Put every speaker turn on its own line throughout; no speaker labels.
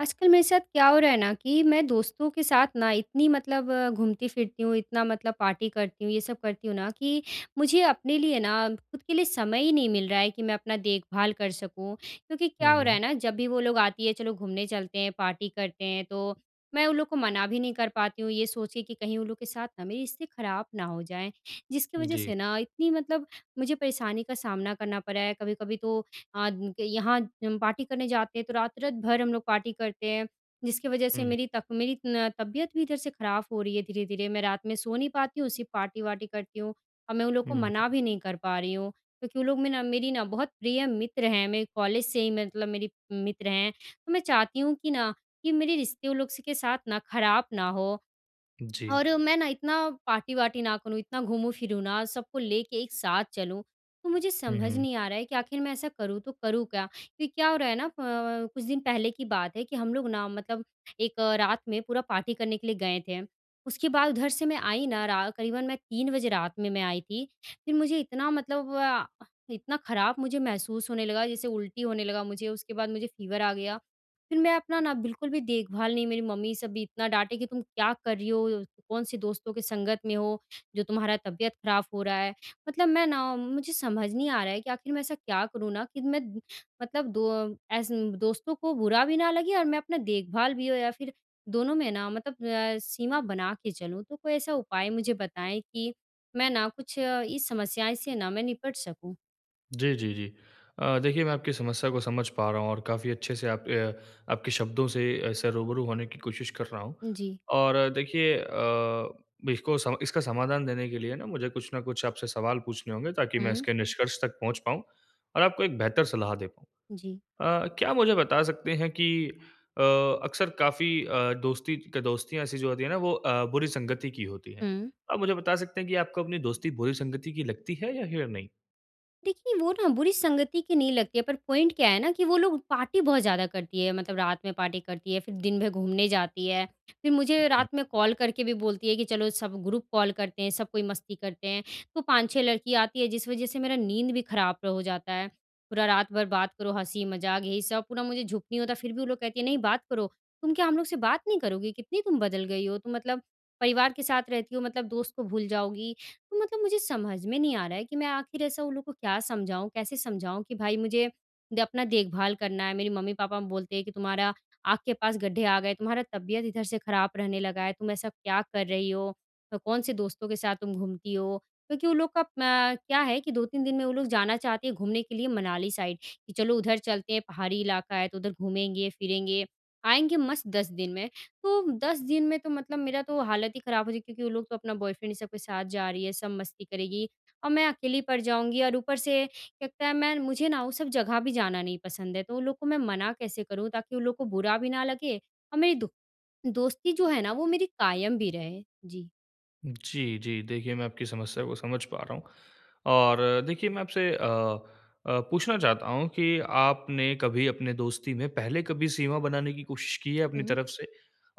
आजकल मेरे साथ क्या हो रहा है ना, कि मैं दोस्तों के साथ ना इतनी मतलब अ, घूमती-फ़िरती हूँ, इतना मतलब पार्टी करती हूँ, ये सब करती हूँ ना, कि मुझे अपने लिए ना ख़ुद के लिए समय ही नहीं मिल रहा है, कि मैं अपना देखभाल कर सकूँ। क्योंकि क्या
हुँ,
हो रहा
हुँ।
है ना? जब भी वो लोग आती है, चलो घूमने चलते हैं, पार्टी करते हैं, तो मैं उन लोगों को मना भी नहीं कर पाती हूँ, ये सोच के कि कहीं उन लोग के साथ ना मेरी रिश्ते ख़राब ना हो जाएँ। जिसकी वजह
जी।
से ना, इतनी मतलब मुझे परेशानी का सामना करना पड़ा है। कभी-कभी तो अ, यहाँ हम पार्टी करने जाते हैं, तो रात-रात भर हम लोग पार्टी करते हैं। जिसकी वजह से
हुँ।
मेरी तक मेरी न तबियत भी इधर से ख़राब हो रही है, धीरे-धीरे। मैं रात में सो नहीं पाती हूँ, उसी पार्टी वार्टी करती हूँ। और मैं उन लोगों को मना
हुँ।
भी नहीं कर पा रही हूँ, क्योंकि वो लोग में ना मेरी ना बहुत प्रिय मित्र हैं, मेरे कॉलेज से ही, मैं मतलब मेरी मित्र हैं। तो मैं चाहती हूँ कि ना, कि मेरे रिश्ते उन लोग से के साथ ना ख़राब ना हो।
जी।
और मैं ना इतना पार्टी वार्टी ना करूँ, इतना घूमूँ-फिरूँ ना, सबको लेके एक साथ चलूँ। तो मुझे
हुँ,
समझ
हुँ।
नहीं आ रहा है, कि आख़िर मैं ऐसा करूँ तो करूँ क्या? क्योंकि क्या हो रहा है ना? अ अ, कुछ दिन पहले की बात है, कि हम लोग ना मतलब एक अ, रात में पूरा पार्टी करने के लिए गए थे। उसके बाद उधर से मैं आई ना, रा क़रीबन मैं 3 बजे रात में मैं आई थी। फिर मुझे इतना मतलब अ, इतना ख़राब मुझे महसूस होने लगा, जैसे उल्टी होने लगा मुझे, उसके बाद मुझे फ़ीवर आ गया। फिर मैं अपना ना, बिल्कुल भी देखभाल नहीं मेरी मम्मी सब भी इतना डाँटे की तुम क्या कर रही हो? अ, कौन-सी दोस्तों के संगत में हो, जो तुम्हारा तबियत खराब हो रहा है? मतलब मैं ना मुझे समझ नहीं आ रहा है, कि आख़िर मैं ऐसा क्या करूँ ना, कि मैं मतलब दो अ, एसन दोस्तों को बुरा भी ना लगे और मैं अपना देखभाल भी हो या फिर दोनों में ना मतलब अ, सीमा बना के चलूँ। तो कोई ऐसा उपाय मुझे बताएँ कि, मैं ना कुछ अ, इस समस्याएँ से ना मैं निपट सकूँ।
जी, जी, जी। अ, देखिए मैं आपकी समस्या को समझ पा रहा हूँ और काफ़ी अच्छे से आप अ आपके शब्दों से ऐसा रूबरू होने की कोशिश कर रहा हूँ।
जी।
और देखिए अ, बिको इसका समाधान देने के लिए ना मुझे कुछ न कुछ आपसे सवाल पूछने होंगे ताकि, मैं
हुँ।
इसके निष्कर्ष तक पहुँच पाऊँ और आपको एक बेहतर सलाह दे पाऊँ।
जी।
अ, क्या मुझे बता सकते हैं कि अ, अक्सर काफ़ी अ, दोस्ती क दोस्तियाँ ऐसी जो होती हैं ना, वो अ, बुरी संगति की होती हैं।
हुँ।
आप मुझे बता सकते हैं कि आपको अपनी दोस्ती बुरी संगति की लगती है या हिअर नहीं?
देखिए वो ना बुरी संगति की नहीं लगती है, पर पॉइंट क्या है ना कि वो लोग पार्टी बहुत ज़्यादा करती हैं। मतलब रात में पार्टी करती हैं फ़िर दिन भर घूमने जाती हैं, फ़िर मुझे
हुँ।
रात में कॉल करके भी बोलती हैं कि, चलो सब ग्रुप कॉल करते हैं सब कोई मस्ती करते हैं तो 5-6 लड़की आती हैं, जिस वज़ह से मेरा नींद भी ख़राब हो जाता है। पूरा रात भर बात करो हँसी-मज़ाक यही सब पूरा मुझे झुक नहीं होता फ़िर भी वो लोग कहती हैं नहीं बात करो। तुम क्या हम लोग से बात नहीं करोगी? कितनी तुम बदल गई हो? तुम मतलब, परिवार के साथ रहती हो मतलब दोस्त को भूल जाओगी? मतलब मुझे समझ में नहीं आ रहा है कि मैं आखिर ऐसा उन लोग को क्या समझाऊँ कैसे समझाऊँ, कि भाई मुझे द अपना देखभाल करना है, मेरी मम्मी-पापा बोलते हैं कि तुम्हारा आँख के पास गड्ढे आ गए हैं, तुम्हारा तबियत इधर से ख़राब रहने लगा है। तुम ऐसा क्या कर रही हो? अ, कौन-से दोस्तों के साथ तुम घूमती हो क्योंकि उन लोग का म क्या है कि 2-3 दिन में वो लोग जाना चाहती हैं। घूमने के लिए मनाली साइड, कि चलो उधर चलते हैं पहाड़ी इलाका है तो उधर घूमेंगे-फ़िरेंगे, आएँगे मस्त 10 दिन में। तो 10 दिन में तो मतलब मेरा तो हालत ही ख़राब हो जाएगी, क्योंकि वो लोग तो अपना बॉयफ्रेंड इन सब के साथ जा रही हैं, सब मस्ती करेगी और मैं अकेली पड़ जाऊँगी और ऊपर से कहता है, मैं न मुझे ना वो सब जगह भी जाना नहीं पसंद है। तो उन लोग को मैं मना कैसे करूँ ताकि उन लोग को बुरा भी ना लगे और मेरी दो दोस्ती जो है ना वो मेरी कायम भी रहे? जी।
जी, जी। देखिए मैं आपकी समस्या को समझ पा रहा हूँ। और देखिए मैं आपसे अ अ, पूछना चाहता हूँ कि आपने कभी अपने दोस्ती में पहले कभी सीमा बनाने की कोशिश की है अपनी
हुँ।
तरफ से?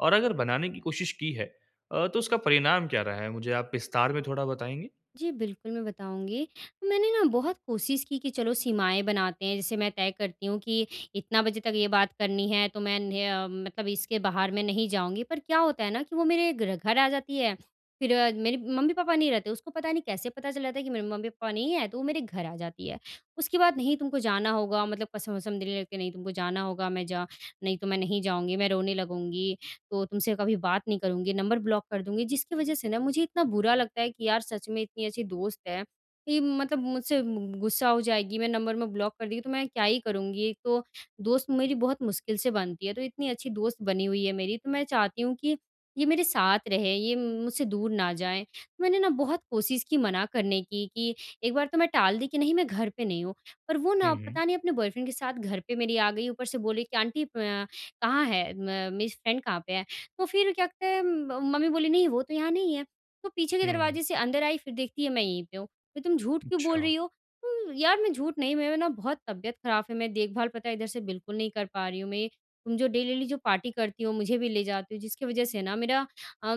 और अगर बनाने की कोशिश की है अ, तो उसका परिणाम क्या रहा है? मुझे आप विस्तार में थोड़ा बताएँगी?
जी, बिल्कुल मैं बताऊँगी। मैंने ना बहुत कोशिश की कि चलो सीमाएँ बनाते हैं जैसे मैं तय करती हूँ कि इतना बजे तक ये बात करनी है तो मैंने अ, मतलब इसके बाहर मैं नहीं जाऊँगी पर क्या होता है ना कि वो मेरे ग्र घर आ जाती है फिर मेरे मम्मी-पापा नहीं रहते उसको पता नहीं कैसे पता चल जाता है कि मेरे मम्मी-पापा नहीं हैं। तो वो मेरे घर आ जाती है। उसके बाद नहीं तुमको जाना होगा मतलब कसम-वसम देने लगती हैं, नहीं, तुमको जाना होगा मैं जा नहीं तो मैं नहीं जाऊँगी मैं रोने लगूँगी, तो तुमसे कभी बात नहीं करूँगी, नंबर ब्लॉक कर दूँगी। जिसके वजह से ना मुझे इतना बुरा लगता है कि यार सच में इतनी अच्छी दोस्त है कि मतलब मुझसे मु मु गुस्सा हो जाएगी, मेरा नंबर-वंबर में ब्लॉक कर देगी तो मैं क्या ही करूँगी? एक तो दोस्त मेरी बहुत मुश्किल से बनती है तो इतनी अच्छी दोस्त बनी हुई है मेरी तो मैं चाहती हूँ कि ये मेरे साथ रहे, ये मु मुझसे दूर ना जाए। मैंने ना बहुत कोशिश की मना करने की, कि एक बार तो मैं टाल दी कि नहीं मैं घर पे नहीं हूँ। पर वो
हुँ,
ना
हुँ।
पता नहीं अपने बॉयफ्रेंड के साथ घर पे मेरी आ गई, ऊपर से बोले कि आंटी अ, कहाँ है म मेरी फ़्रेंड कहाँ पे है? तो फिर क्या कहते है म मम्मी बोली, "नहीं वो तो यहाँ नहीं है।" तो पीछे के
हुँ।
दरवाज़े से अंदर आई फिर देखती है मैं यहीं पे हूँ। तो तुम झूठ क्यों बोल
अच्छा।
रही हो उम, यार मैं झूठ नहीं मैं ना बहुत तबियत ख़राब फ़ि मैं देखभाल पता है इधर से बिल्कुल नहीं कर पा रही हूँ मैं ये तुम जो डेली-डेली जो पार्टी करती हो मुझे भी ले जाते हो जिसके वजह से ना मेरा अ,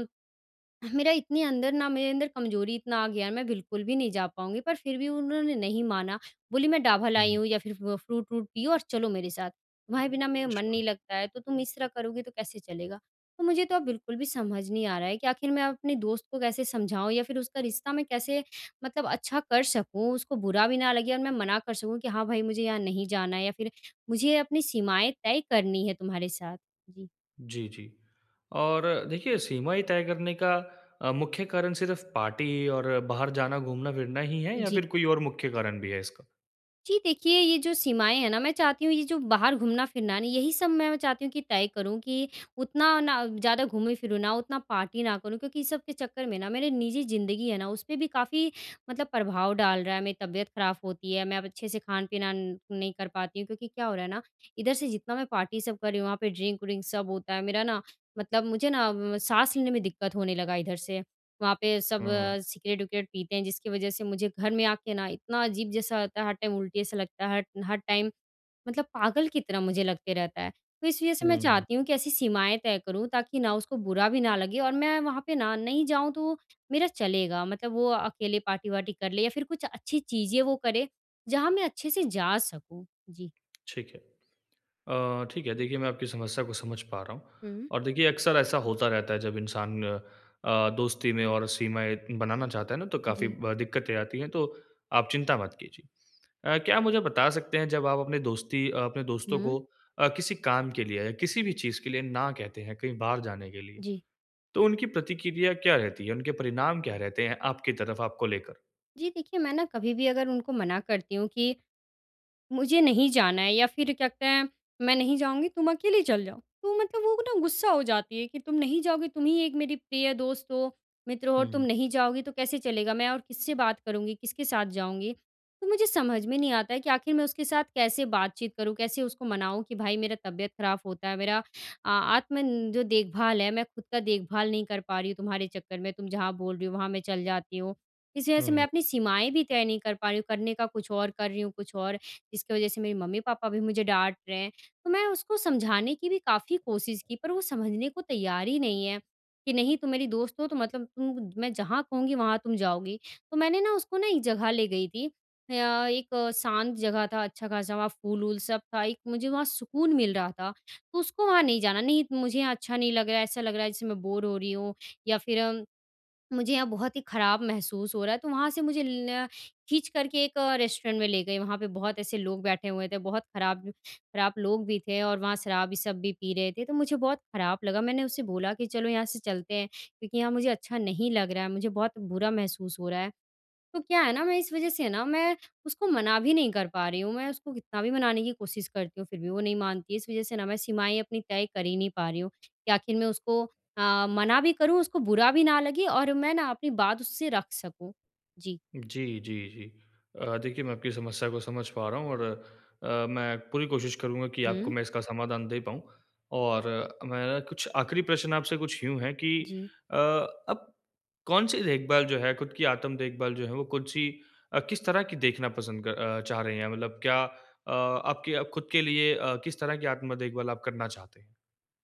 मेरा इतनी अंदर ना मेरे अंदर कमज़ोरी इतना आ गया मैं बिल्कुल भी नहीं जा पाऊँगी पर फिर भी उन्होंने नहीं माना बोली मैं दवा लाई
हुँ।
हूँ या फिर फ फ़्रूट व्रूट पियो और चलो मेरे साथ। तुम्हारे बिना मेरा मन
अच्छा।
नहीं लगता है तो तुम इस तरह करोगी तो कैसे चलेगा? तो मुझे तो अब बिल्कुल भी समझ नहीं आ रहा है कि आख़िर मैं अपनी दोस्त को कैसे समझाऊँ या फिर उसका रिश्ता मैं कैसे मतलब अच्छा कर सकूँ उसको बुरा भी ना लगे और मैं मना कर सकूँ? कि हाँ, भाई मुझे यहाँ नहीं जाना है या फिर मुझे अपनी सीमाएँ तय करनी है तुम्हारे साथ। जी।
जी, जी। और देखिए, सीमाएँ तय करने का अ, मुख्य कारण सिर्फ पार्टी ही और बाहर जाना घूमना-फिरना ही है या
जी।
फिर कोई और मुख्य कारण भी है इसका?
जी, देखिए, ये जो सीमाएँ हैं ना मैं चाहती हूँ ये जो बाहर घूमना-फिरना है ना, यही सब मैं चाहती हूँ कि तय करूँ कि उतना ना, ज़्यादा घूमूँ फिरूँ ना, उतना पार्टी ना करूँ क्योंकि ये सब के चक्कर में ना मेरी निजी ज़िंदगी है ना, उसपे भी काफ़ी मतलब प्रभाव डाल रहा है। मेरी तबीयत ख़राब होती है, मैं अब अच्छे से खान-पीना न नहीं कर पाती हूँ, क्योंकि क्या हो रहा है ना? इधर से जितना मैं पार्टी सब कर रही हूँ, वहाँ पे ड्रिंक व्रिंक सब होता है। मेरा ना मतलब मुझे ना म साँस लेने में दिक्कत होने लगा इधर से। वहाँ पे सब
हुँ, हुँ।
सिगरेट-विगरेट पीते हैं, जिसकी वजह से मुझे घर में आके ना इतना अजीब जैसा रहता है, हर टाइम उल्टी जैसा लगता है, हर हर, टाइम मतलब पागल की तरह मुझे लगते रहता है। तो इस वजह से मैं
हुँ, हुँ।
चाहती हूँ कि ऐसी सीमाएँ तय करूँ, ताकि ना उसको बुरा भी ना लगे और मैं वहाँ पे ना, नहीं जाऊँ, तो, मेरा चलेगा, मतलब वो अकेले पार्टी वार्टी कर ले या फिर कुछ अच्छी चीज़ें वो करें, जहाँ मैं अच्छे से जा सकूँ। जी।
ठीक है। अ, ठीक है, देखिए, मैं आपकी समस्या को समझ पा रहा हूँ।
हुँ।
और देखिए, अक्सर ऐसा होता रहता है जब इंसान अ, दोस्ती में और सीमाएँ बनाना चाहता है ना, तो काफ़ी
जी।
ब दिक्कतें आती हैं, तो आप चिंता मत कीजिए। अ, क्या आप मुझे बता सकते हैं, जब आप अपने दोस्ती अ, अपने दोस्तों
हुँ।
को अ, किसी काम के लिए या किसी भी चीज़ के लिए ना कहते हैं, कहीं बाहर जाने के लिए।
जी।
तो उनकी प्रतिक्रिया क्या रहती है, उनके परिणाम क्या रहते हैं, आपकी तरफ, आपको लेकर?
जी, देखिए, मैं ना कभी भी अगर उनको मना करती हूँ कि, मुझे नहीं जाना है, या फिर कहते हैं, "मैं नहीं जाऊँगी, तुम अकेली चल जाओ।" तो मतलब वो ना गुस्सा हो जाती है कि, "तुम नहीं जाओगी, तुम ही एक मेरी प्रिय दोस्त हो, मित्र हो और
हुँ,
तुम
हुँ।
नहीं जाओगी तो कैसे चलेगा? मैं और किससे बात करुँगी, किसके साथ जाऊँगी?" तो मुझे समझ में नहीं आता है कि आखिर मैं उसके साथ कैसे बात-चीत करूँ, कैसे उसको मनाऊँ कि भई, मेरा तबीयत ख़राब होता है, मेरा अ आत्मन जो देखभाल है, मैं खुद का देखभाल नहीं कर पा रही हूँ तुम्हारे चक्कर में, तुम जहाँ बोल रही हो, वहाँ मैं चल जाती हूँ। इस वजह से
हुँ,
मैं
हुँ।
अपनी सीमाएँ भी तय नहीं कर पा रही हूँ, करने का कुछ और, कर रही हूँ कुछ और। इसकी वजह से मेरे मम्मी-पापा भी मुझे डाँट रहे हैं। तो मैं उसको समझाने की भी काफ़ी कोशिश की, पर वो समझने को तैयार ही नहीं है कि, "नहीं, तुम मेरी दोस्त हो, तो मतलब उम, मैं जहाँ कहूँगी, वहाँ तुम जाओगी।" तो मैंने ना उसको ना एक जगह ले गई थी अ, एक शांत जगह था, अच्छा-खासा वहाँ फूल-वूल सब था, एक मुझे वहाँ सुकून मिल रहा था। तो उसको वहाँ नहीं जाना, "नहीं, मुझे यहाँ अच्छा नहीं लग रहा है, ऐसा लग रहा है जैसे मैं बोर हो रही हूँ, या फिर अ, मुझे यहाँ बहुत ही ख़राब महसूस हो रहा है।" तो वहाँ से मुझे ल खींच कर के एक रेस्टोरेंट में ले गई। वहाँ पे बहुत ऐसे लोग बैठे हुए थे, बहुत ख़राब, ख़राब लोग भी थे, और वहाँ शराबी सब भी पी रहे थे, तो मुझे बहुत ख़राब लगा। मैंने उससे बोला कि चलो, यहाँ से चलते हैं क्योंकि यहाँ मुझे अच्छा नहीं लग रहा है, मुझे बहुत बुरा महसूस हो रहा है। तो क्या है ना, मैं इस वजह से ना मैं उसको मना भी नहीं कर पा रही हूँ। मैं उसको कितना भी मनाने की कोशिश करती हूँ, फिर भी वो नहीं मानती। इस वजह से ना मैं सीमाएँ अपनी तय कर ही नहीं पा रही हूँ कि आखिर मैं उसको अ, मना भी करूँ, उसको बुरा भी ना लगे और मैं ना अपनी बात उससे रख सकूँ। जी।
जी, जी, जी। अ, देखिए मैं आपकी समस्या को समझ पा रहा हूँ और अ, मैं पूरी कोशिश करूँगा कि आपको
हुँ।
मैं इसका समाधान दे पाऊँ। और मेरा कुछ आख़िरी प्रश्न आपसे कुछ यूँ है कि
जी।
अ, अब कौन-सी देखभाल जो है खुद की आत्म देखभाल जो है, वो कौन-सी अ, किस तरह की देखना पसंद क चाह रही हैं? मतलब क्या अ, आपके अ, खुद के लिए अ, किस तरह की आत्म-देखभाल आप करना चाहते हैं?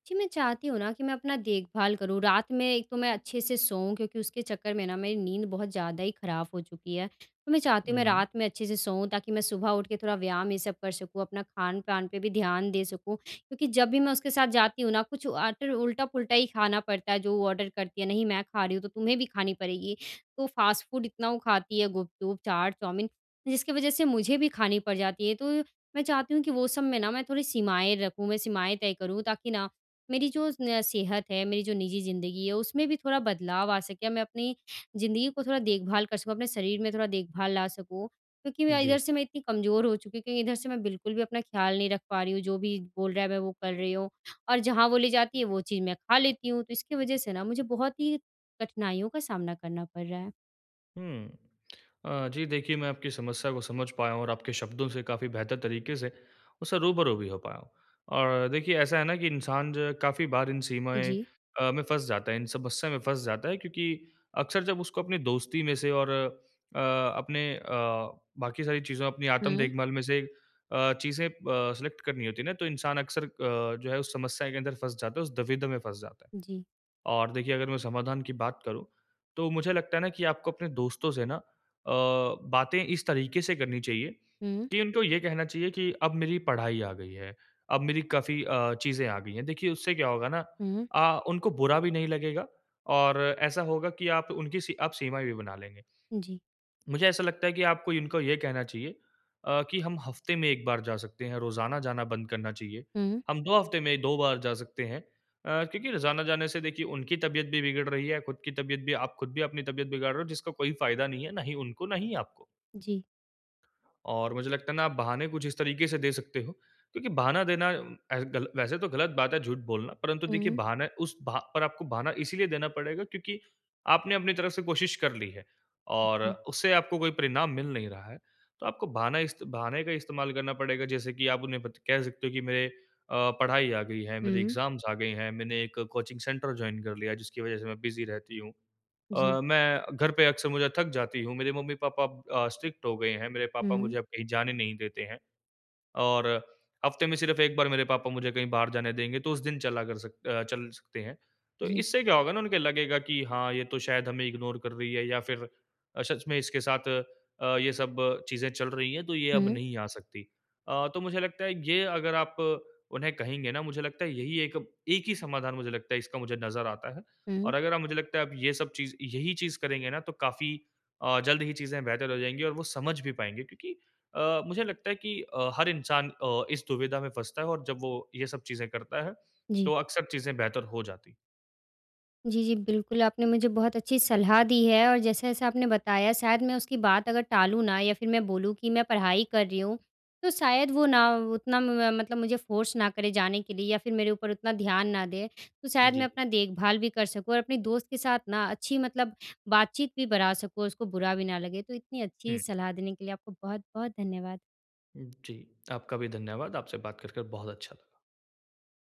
जी। मैं चाहती हूँ ना, कि मैं अपना देखभाल करूँ रात में एक तो मैं अच्छे से सोऊँ क्योंकि उसके चक्कर में ना मेरी नींद बहुत ज़्यादा ही ख़राब हो चुकी है। तो मैं चाहती हूँ, मैं
हुँ।
रात में अच्छे से सोऊँ ताकि मैं सुबह उठ के थोड़ा व्यायाम ये सब कर सकूँ अपना खान-पान पे भी ध्यान दे सकूँ। क्योंकि जब भी मैं उसके साथ जाती हूँ ना कुछ आटर उल्टा-पुल्टा ही खाना पड़ता है जो वो ऑर्डर करती है, नहीं मैं खा रही हूँ तो तुम्हें भी खानी पड़ेगी। तो फ़ास्ट फूड इतना वो खाती है गुपचुप, चाट, चाउमीन जिसकी वज़ह से मुझे भी खानी पड़ जाती है ये तो मैं चाहती हूँ कि वो सब में ना मैं थोड़ी सीमाएँ रखूँ। मैं सीमाएँ तय करूँ ताकि ना मेरी जो न सेहत है, मेरी जो निजी ज़िंदगी है उसमें भी थोड़ा बदलाव आ सके मैं अपनी ज़िंदगी को थोड़ा देखभाल कर सकूँ। अपने शरीर में थोड़ा देखभाल ला सकूँ क्योंकि मैं इधर
जी।
से मैं इतनी कमजोर हो चुकी हूँ क्योंकि इधर से मैं बिल्कुल भी अपना ख़्याल नहीं रख पा रही हूँ जो भी बोल रहा है मैं वो कर रही हूँ, और जहाँ वो ले जाती है वो चीज़ मैं खा लेती हूँ। तो इसकी वजह से ना मुझे बहुत ही कठिनाइयों का सामना करना पड़ रहा है।
हुँ। अ, जी। देखिए, मैं आपकी समस्या को समझ पाया हूँ और आपके शब्दों से काफ़ी बेहतर तरीके से उससे रूबरू भी हो पाया हूँ। और देखिए, ऐसा है ना कि इंसान जो है काफ़ी बार इन सीमाएँ
जी।
अ, में फँस जाता है, इन समस्या में फँस जाता है, क्योंकि अक्सर जब उसको अपनी दोस्ती में से और अ, अपने अ, बाकी सारी चीज़ो अपनी आत्म
हुँ।
देखभाल में से अ, चीज़ें ब सिलेक्ट करनी होती है ना, तो इंसान अक्सर अ, जो है उस समस्या के अंदर फँस जाता है, उस दुविधा में फँस जाता है।
जी।
और देखिए, अगर मैं समाधान की बात करूँ, तो मुझे लगता है ना कि आपको अपने दोस्तों से ना अ, बातें इस तरीके से करनी चाहिए
हुँ।
कि, उनको ये कहना चाहिए कि अब मेरी पढ़ाई आ गई है। अब मेरी काफ़ी अ, चीज़ें आ गई है। देखिए, उससे क्या होगा ना
हुँ।
अ, उनको बुरा भी नहीं लगेगा और ऐसा होगा कि आप उनकी सी आप सीमाएँ भी बना लेंगे।
जी।
मुझे ऐसा लगता है कि आपको इनको ये कहना चाहिए अ, कि हम हफ़्ते में 1 बार जा सकते हैं, रोज़ाना जाना बंद करना चाहिए।
हुँ।
हम 2 हफ़्ते में 2 बार जा सकते हैं। अ, क्योंकि रोजाना जाने से देखिए उनकी तबियत भी बिगड़ रही है, खुद की तबियत भी आप खुद भी अपनी तबियत बिगड़ रहे हो, जिसका कोई फ़ायदा नहीं है। ना उनको ना ही आपको।
जी।
और मुझे लगता है ना, आप बहाने कुछ इस तरीके से दे सकते हो, क्योंकि बहाना देना, उम, एस गल वैसे तो ग़लत बात है झूठ बोलना, परंतु देखिए,
हुँ।
बहाने उस बहा पर आपको बहाना इसलिए देना पड़ेगा क्योंकि आपने अपनी तरफ से कोशिश कर ली है और
जी।
उससे आपको कोई परिणाम मिल नहीं रहा है। तो आपको बहाना इस्त बहाने का इस्तेमाल करना पड़ेगा जैसे कि आप उन्हें बत कह सकते हो कि मेरे अ, पढ़ाई आ गई है, मेरे
हुँ।
एग्ज़ाम्स आ गए हैं, मैंने एक कोचिंग सेंटर जॉइन कर लिया है, जिसकी वजह से मैं बिज़ी रहती हूँ।
जी।
अ, मैं घर पे अक्सर मुझे थक जाती हूँ। मेरे मम्मी-पापा अ, स्ट्रिक्ट हो गए हैं, मेरे पापा
हुँ।
मुझे कहीं जाने नहीं देते हैं और हफ़्ते में सिर्फ़ 1 बार मेरे पापा मुझे कहीं बाहर जाने देंगे, तो उस दिन चला कर सक अ, चल सकते हैं। तो
जी।
इससे क्या होगा ना, उनको लगेगा कि, "हाँ, ये तो शायद हमें इग्नोर कर रही है या फिर अ, सच में इसके साथ अ, ये सब चीज़ें चल रही हैं, तो ये अब
हुँ।
नहीं आ सकती।" अ, तो मुझे लगता है, ये अगर आप उन्हें कहेंगे ना, मुझे लगता है, यही एक एक ही समाधान मुझे लगता है, इसका मुझे नज़र आता है।
हुँ।
और अगर आप, मुझे लगता है, आप ये सब चीज़ यही चीज़ करेंगे ना, तो काफ़ी अ, जल्द ही चीज़ें बेहतर हो जाएँगी और वो समझ भी पाएँगे क्योंकि अ, मुझे लगता है कि अ, हर इंसान अ, इस दुविधा में फँसता है और जब वो ये सब चीज़ें करता है,
जी।
तो अक्सर चीज़ें बेहतर हो जाती हैं।
जी, जी, बिल्कुल, आपने मुझे बहुत अच्छी सलाह दी है और जैसा-जैसा आपने बताया शायद मैं उसकी बात अगर टालूँ ना या फिर मैं बोलूँ कि मैं पढ़ाई कर रही हूँ, तो शायद वो ना, उतना म म मतलब मुझे फ़ोर्स ना करें जाने के लिए या फिर मेरे ऊपर उतना ध्यान ना दें, तो शायद मैं
जी।
अपना देखभाल भी कर सकूँ और अपने दोस्त के साथ ना अच्छी मतलब बातचीत भी बढ़ा सकूँ और उसको बुरा भी ना लगे। तो इतनी अच्छी
हुँ।
सलाह देने के लिए आपको बहुत-बहुत धन्यवाद।
जी, आपका भी धन्यवाद। आपसे बात कर कर बहुत अच्छा लगा।